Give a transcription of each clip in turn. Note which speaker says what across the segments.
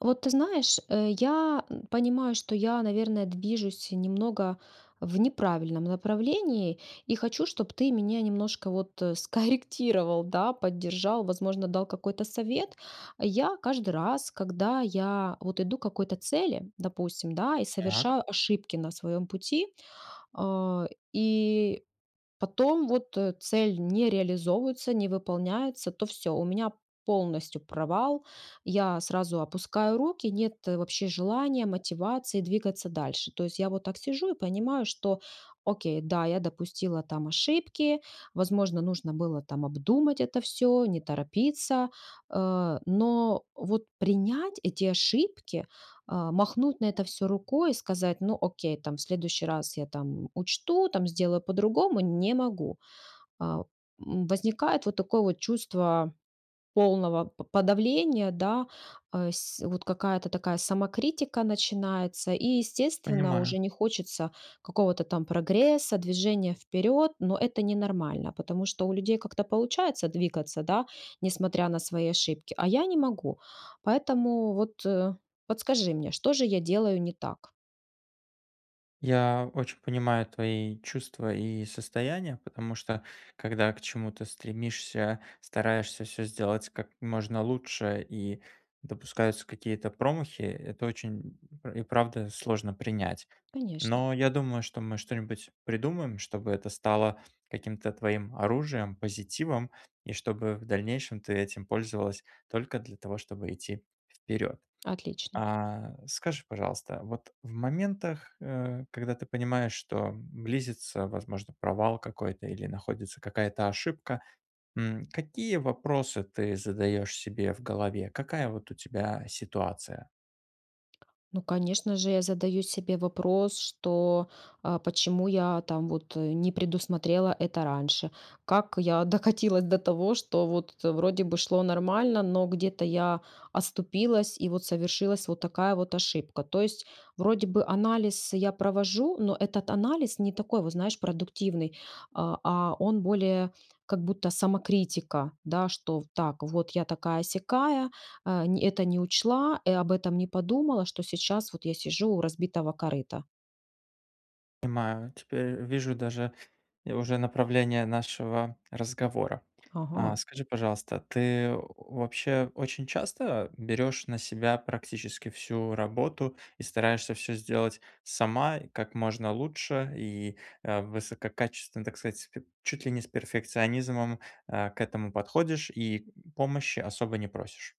Speaker 1: А вот, ты знаешь, э, я понимаю, что я, наверное, движусь, э, немного в неправильном направлении и хочу, чтобы ты мене немножко вот скорректировал, да, поддержал, возможно, дал какой-то совет. Я каждый раз, когда я вот иду к какой-то цели, допустим, да, и
Speaker 2: Так.
Speaker 1: совершаю ошибки на своем пути. А, и потом, вот, цель не реализовывается, не выполняется, то всё. У меня полностью провал я сразу опускаю руки, нет вообще желания, мотивации двигаться дальше. То есть я вот так сижу и, понимаю, что: "Окей, да, я допустила там ошибки, возможно, нужно было, там, обдумать это всё, не торопиться". Э, но, вот, принять эти ошибки, а, махнуть на это всё рукой и сказать: "Ну, окей, там, в следующий раз я, там, учту, там, сделаю по-другому"- не могу. Э, м, возникает вот такое вот чувство полного по подавления, да. Э, с вот, какая-то такая самокритика начинается и, естественно,
Speaker 2: Понимаю.
Speaker 1: уже не хочется какого-то там прогресса, движения вперед. Но это ненормально, потому что у людей как-то получается двигаться, да, несмотря на свои ошибки, а я не могу. Поэтому, вот, подскажи мне, что же я делаю не так?
Speaker 2: Я очень понимаю твои чувства и состояния. Потому, что когда к чему-то стремишься, стараешься всё сделать как можно лучше, и допускаются какие-то промахи, э, это очень, пр и правда, сложно принять.
Speaker 1: Конечно!
Speaker 2: Но я думаю, что мы что-нибудь придумаем, чтобы это стало каким-то твоим оружием, позитивом. И чтобы в дальнейшем ты этим пользовалась только для того, чтобы идти вперед.
Speaker 1: Отлично.
Speaker 2: А, скажи, пожалуйста, вот в моментах, э, когда ты понимаешь, что близится, возможно, провал какой-то или находится какая-то ошибка, м, какие вопросы ты задаешь себе в голове? Какая вот у тебя ситуация?
Speaker 1: Ну, конечно же, я задаю себе вопрос, что, э, почему я там вот, э, не предусмотрела это раньше? Как я докатилась до того, что, вот, вроде бы шло нормально, но где-то я оступилась, и вот совершилась, вот такая вот ошибка? То есть вроде бы анализ я провожу, но этот анализ не такой, вот, знаешь, продуктивный, а а он более, как будто самокритика. Да, что, в так, вот я такая-сякая, э, нь это не учла, и об этом не подумала, что сейчас вот я сижу у разбитого корыта.
Speaker 2: Понимаю, теперь вижу даже и уже направление нашего разговора. Э,
Speaker 1: Ага.
Speaker 2: скажи, пожалуйста, ты вообще очень часто берёшь на себя практически всю работу и стараешься всё сделать сама и как можно лучше, и, э, высококачественно, так сказать, чуть ли не с перфекционизмом, э, к этому подходишь и помощи особо не просишь?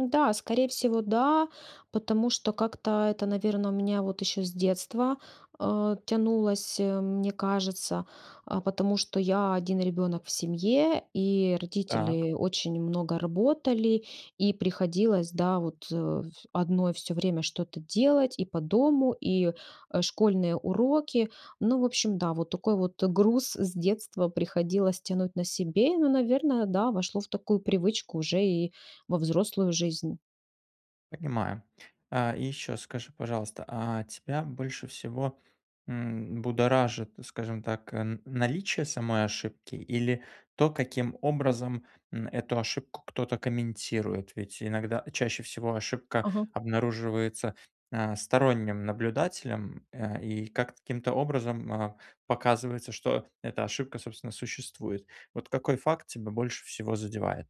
Speaker 1: Ну да, скорее всего, да, потому что как-то это, наверное, у меня вот еще с детства, э, тянулось, мне кажется, э, потому что я один ребенок в семье. И
Speaker 2: Так.
Speaker 1: родители очень много работали и приходилось, да, вот, э, одной всё время что-то делать и по дому, и, э, школьные уроки. Ну, в общем, да, вот такой вот груз с детства приходилось тянуть на себе, но, наверное, да, вошло в такую привычку уже и во взрослую жизнь.
Speaker 2: Понимаю. Э, и ещё скажи, пожалуйста, а тебя больше всего, м, будоражит, скажем так, м, наличие самой ошибки или то, каким образом, м, эту ошибку кто-то комментирует? Ведь иногда чаще всего ошибка
Speaker 1: Ага.
Speaker 2: обнаруживается, а, сторонним наблюдателем, э, и как-то, каким-то образом, а, показывается, что эта ошибка, собственно, существует. Вот какой факт тебя больше всего задевает?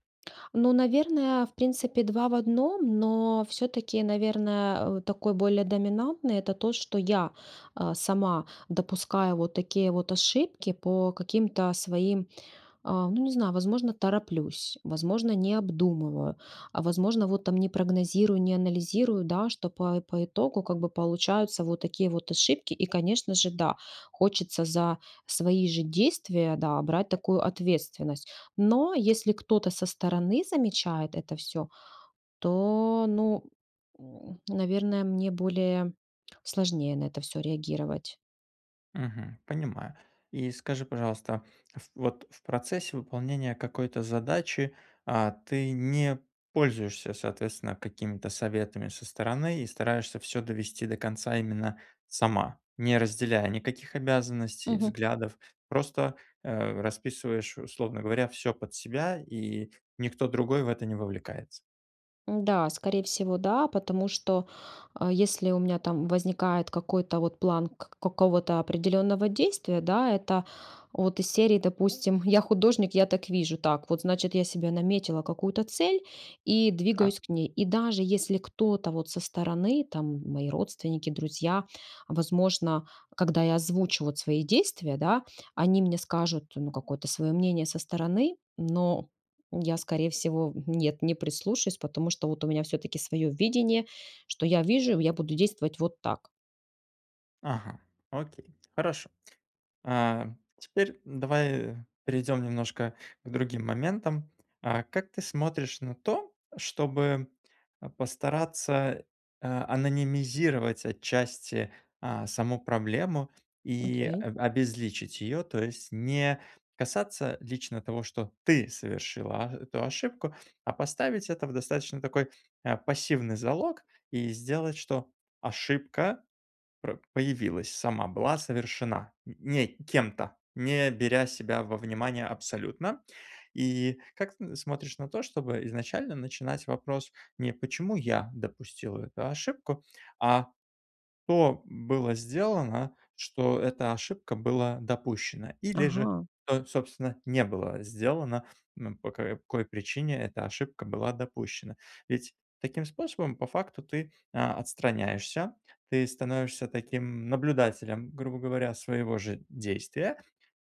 Speaker 1: Ну, наверное, в принципе 2 в 1. Но всё-таки, наверное, э, такой более доминантный- это то, что я, э, сама допускаю вот такие вот ошибки по каким-то своим, э, ну, не знаю, возможно, тороплюсь, возможно, не обдумываю, а возможно, вот там не прогнозирую, не анализирую, да, что по по итогу как бы получаются вот такие вот ошибки. И, конечно же, да, хочется за свои же действия, да, брать такую ответственность. Но если кто-то со стороны замечает это всё, то, ну, м, наверное, мне более сложнее на это всё реагировать.
Speaker 2: Мгм. Понимаю. И скажи, пожалуйста, ф вот в процессе выполнения какой-то задачи, а, ты не пользуешься, соответственно, какими-то советами со стороны и стараешься всё довести до конца именно сама, не разделяя никаких обязанностей,
Speaker 1: Мгм.
Speaker 2: взглядов, просто, э, расписываешь, условно говоря, всё под себя, и никто другой в это не вовлекается?
Speaker 1: Да, скорее всего да, потому что, э, если у меня там возникает какой-то вот план к какого-то определенного действия, да, это вот из серии, допустим, "я художник, я так вижу", так вот, значит, я себе наметила какую-то цель и
Speaker 2: Так.
Speaker 1: двигаюсь к ней. И даже если кто-то вот со стороны, там, мои родственники, друзья, возможно, когда я озвучу вот свои действия, да, они мне скажут ну какое-то свое мнение со стороны, но я, скорее всего, нет, не прислушаюсь, потому что вот у меня всё-таки свое видение, что я вижу. Я буду действовать вот так.
Speaker 2: Ага. Окей. Хорошо. А, теперь давай перейдем немножко к другим моментам, а как ты смотришь на то, чтобы, э, постараться, э, анонимизировать отчасти, а, саму проблему, и
Speaker 1: Окей.
Speaker 2: аб обезличить ее, то есть не касаться лично того, что ты совершила а эту ошибку, а поставить это в, достаточно, такой, э, пассивный залог, и сделать, что ошибка пр появилась сама, была совершена н не кем-то, не беря себя во внимание абсолютно, и как тн смотришь на то, чтобы изначально начинать вопрос не: "Почему я допустила эту ошибку?", а: "Что было сделано, что эта ошибка была допущена или же
Speaker 1: Ага.
Speaker 2: со собственно не было сделано, н по какой причине эта ошибка была допущена?". Ведь таким способом по факту ты, а, отстраняешься. Ты становишься таким наблюдателем, грубо говоря, своего же действия,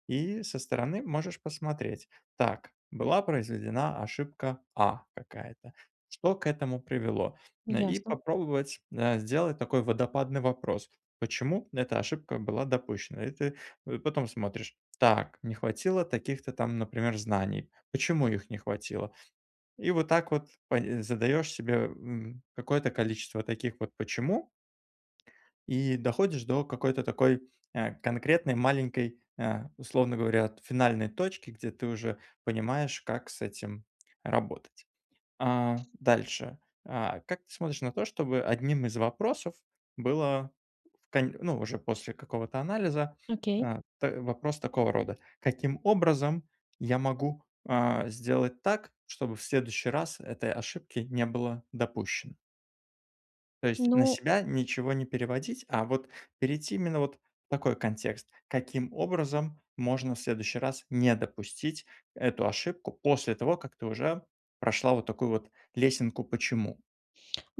Speaker 2: и со стороны можешь посмотреть: "Так, была произведена ошибка "А" какая-то. Что к этому привело?" Э, и
Speaker 1: Ясно.
Speaker 2: попробовать, э, сделать такой "водопадный" вопрос: "Почему эта ошибка была допущена?" И ты, э, потом смотришь: "Так, не хватило таких-то там, например, знаний. Почему их не хватило?" И вот так вот пн задаешь себе, м, какое-то количество таких вот "почему" и доходишь до какой-то такой, э, конкретной маленькой, э, условно говоря, от, финальной точки, где ты уже понимаешь, как с этим работать. А, дальше, а, как ты смотришь на то, чтобы одним из вопросов было в конь ну, уже после какого-то анализа,
Speaker 1: Окей.
Speaker 2: э, т вопрос такого рода: "Каким образом я могу, а, сделать так, чтобы в следующий раз этой ошибки не было допущено?" То есть на
Speaker 1: Ну
Speaker 2: себя ничего не переводить, а вот перейти именно вот в такой контекст: "Каким образом можно в следующий раз не допустить эту ошибку после того, как ты уже прошла вот такую вот лесенку 'почему'".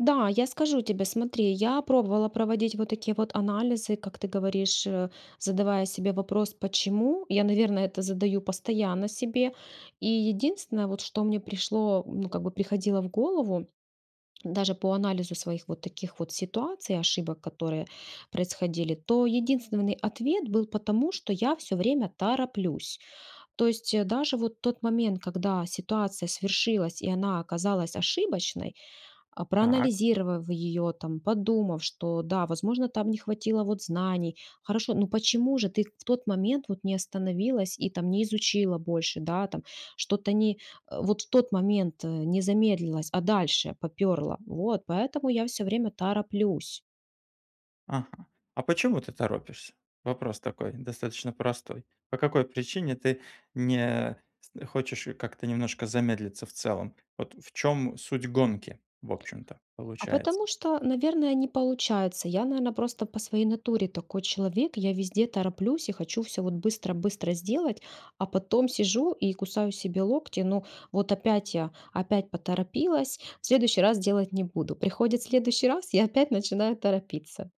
Speaker 1: Да, я скажу тебе. Смотри, я пробовала проводить вот такие вот анализы, как ты говоришь, э, задавая себе вопрос "почему?". Я, наверно, это задаю постоянно себе. И единственное, вот, что мне пришло ну, как бы приходило в голову, даже по анализу своих вот таких вот ситуаций, ошибок, которые происходили,- то единственный ответ был: "Потому что я всё время тороплюсь". То есть даже вот тот момент, когда ситуация свершилась, и она оказалась ошибочной, а,
Speaker 2: Так.
Speaker 1: проанализировав её, там, подумав, что, да, возможно, там не хватило вот знаний. Хорошо, но почему же ты в тот момент вот не остановилась и, там, не изучила больше, да, там? Что-то не э, вот в тот момент, э, не замедлилось, а дальше попёрло. Вот, поэтому я всё время тороплюсь.
Speaker 2: Ага. А почему ты торопишься? Вопрос такой, достаточно простой. По какой причине ты с не хочешь как-то немножко замедлиться в целом? Вот в чём суть гонки, в общем-то,
Speaker 1: А
Speaker 2: получается?
Speaker 1: потому что, наверное, не получается. Я, наверное, просто по своей натуре такой человек: я везде тороплюсь и хочу всё вот быстро-быстро сделать, а потом сижу и кусаю себе локти. Ну, вот опять я, опять поторопилась, в следующий раз делать не буду. Приходит следующий раз, я опять начинаю торопиться.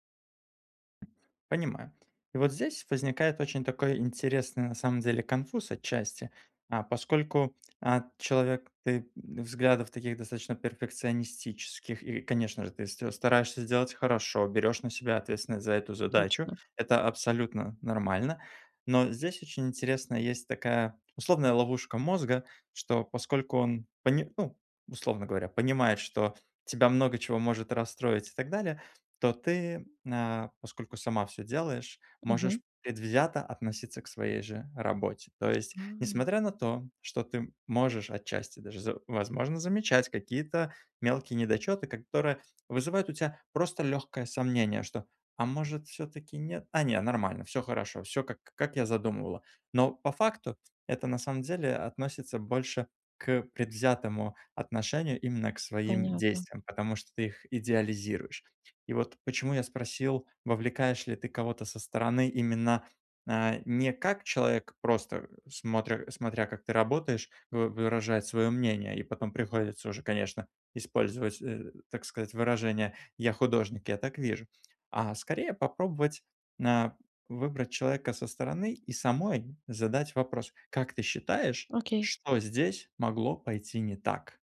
Speaker 2: Понимаю. И вот здесь возникает очень такой интересный, на самом деле, конфуз отчасти. А, поскольку, а, человек ты в взглядов таких достаточно перфекционистических, и, конечно же, ты ст стараешься сделать хорошо, берёшь на себя ответственность за эту задачу-
Speaker 1: Точно.
Speaker 2: это абсолютно нормально. Но здесь очень интересная есть такая условная ловушка мозга, что, поскольку он пони ну, условно говоря, понимает, что тебя много чего может расстроить и так далее, то ты, на, поскольку сама всё делаешь,
Speaker 1: Мгм.
Speaker 2: можешь предвзято относиться к своей же работе. То есть,
Speaker 1: А.
Speaker 2: несмотря на то, что ты можешь отчасти даже, з возможно, замечать какие-то мелкие недочёты, которые вызывают у тя просто лёгкое сомнение, что: "А может, всё-таки нет? А, не, нормально, всё хорошо, всё как как я задумывала". Но по факту это на самом деле относится больше к предвзятому отношению именно к своим
Speaker 1: Понятно.
Speaker 2: действиям, потому что ты их идеализируешь. И вот почему я спросил, вовлекаешь ли ты кого-то со стороны именно, э, не как человек, просто смотря смотря, как ты работаешь, вы выражает свое мнение, и потом приходится уже, конечно, использовать, э, так сказать, выражение "я художник, я так вижу", а скорее попробовать, на выбрать человека со стороны и самой задать вопрос: "Как ты считаешь,
Speaker 1: Окей.
Speaker 2: что здесь могло пойти не так?"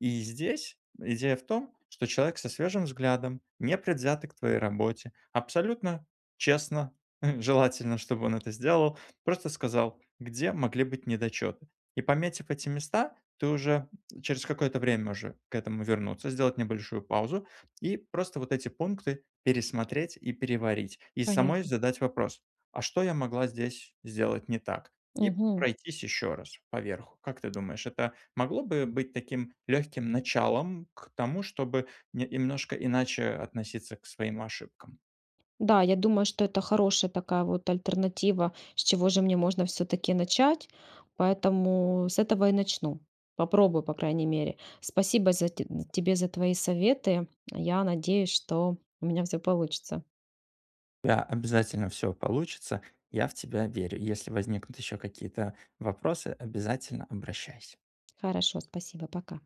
Speaker 2: И здесь идея в том, что человек со свежим взглядом, непредвзято к твоей работе, абсолютно честно, желательно, чтобы он это сделал, просто сказал, где могли быть недочёты. И, пометив эти места, ты уже через какое-то время уже к этому вернуться, сделать небольшую паузу. И просто вот эти пункты пересмотреть и переварить, и самой
Speaker 1: Понятно.
Speaker 2: задать вопрос: "А что я могла здесь сделать не так?" И
Speaker 1: Мгм.
Speaker 2: пройтись еще раз поверху. Как ты думаешь, это могло бы быть таким легким началом к тому, чтобы не немножко иначе относиться к своим ошибкам?
Speaker 1: Да, я думаю, что это хорошая такая вот альтернатива, с чего же мне можно всё-таки начать. Поэтому с этого и начну, попробую, по крайней мере. Спасибо за те тебе за твои советы. Я надеюсь, что у меня всё получится.
Speaker 2: Бя обязательно всё получится, я в тебя верю. Если возникнут еще какие-то вопросы, обязательно обращайся.
Speaker 1: Хорошо, спасибо. Пока.